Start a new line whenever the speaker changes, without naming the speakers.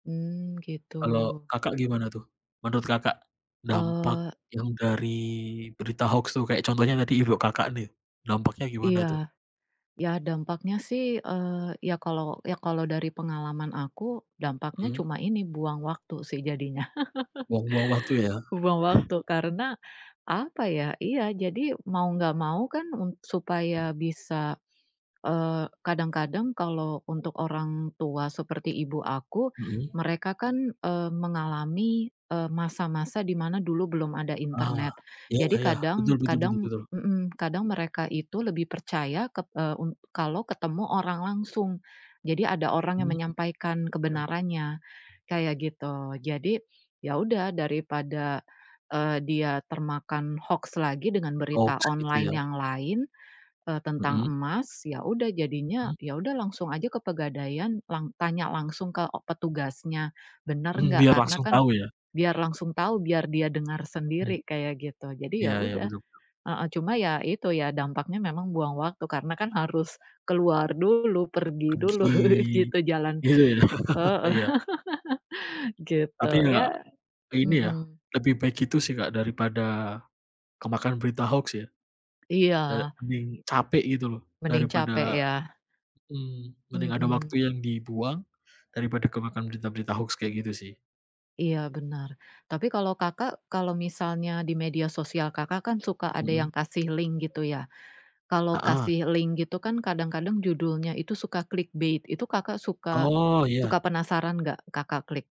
Mmm gitu.
Kalau Kakak gimana tuh? Menurut Kakak, dampak
Eee
yang dari berita hoaks tuh, kayak contohnya tadi ibu Kakak nih. Dampaknya gimana
Iya.
tuh?
Iya dampaknya sih, eee, iya kalau iya kalau dari pengalaman aku, dampaknya
Mmm.
cuma ini, buang waktu sih jadinya.
Buang-buang waktu ya?
Buang waktu karena, apa ya? ya, jadi mau enggak mau kan m supaya bisa, eee, kadang-kadang kalau untuk orang tua seperti ibu aku,
Mhm.
mereka kan, eee, mengalami, eee, masa-masa di mana dulu belum ada
Ah,
internet.
iya
Jadi
iya, betul
kadang
betul betul
kadang
betul.
mhm, kadang mereka itu lebih percaya ket e u kalau ketemu orang langsung. Jadi ada orang yang
Mhm,
menyampaikan
iya.
kebenarannya, kayak gitu. Jadi, ya udah, daripada, eee, dia termakan hoaks lagi dengan berita
Hoaks gitu
online
ya?
yang lain, eee, tentang
Mhm.
emas, iya udah jadinya
Mhm.
iya udah langsung saja ke Pegadaian, lang tanya langsung ke e petugasnya, benar
Mmm,
enggak,
biar
karena
langsung
kan
tahu ya?
biar langsung tahu, biar dia dengar
Mmm.
sendiri, kayak gitu. Jadi, iya
Iya, iya
udah,
betul.
heeh, cuma iya itu, iya dampaknya memang buang waktu. Karena kan harus keluar dulu, pergi dulu,
Pagi,
gitu jalan.
gitu ya.
Heeh,
Iya.
gitu.
Tapi
Iya
enggak, ini ya
mhm.
lebih baik gitu sih Kak, daripada kemakan berita hoaks ya.
Iya.
Eee, mending capek gitu loh,
Mending capek
daripada
ya?
mmm, mending ada waktu
Mhm.
yang dibuang daripada kemakan berita-berita hoax kayak gitu sih.
Iya, benar. Tapi kalau Kakak, kalau misalnya di media sosial Kakak kan suka ada
Mhm.
yang kasih link gitu ya. Kalau
Heeh.
kasih link gitu kan kadang-kadang judulnya itu suka clickbait. Itu Kakak suka
Oh
suka
iya.
penasaran enggak Kakak klik?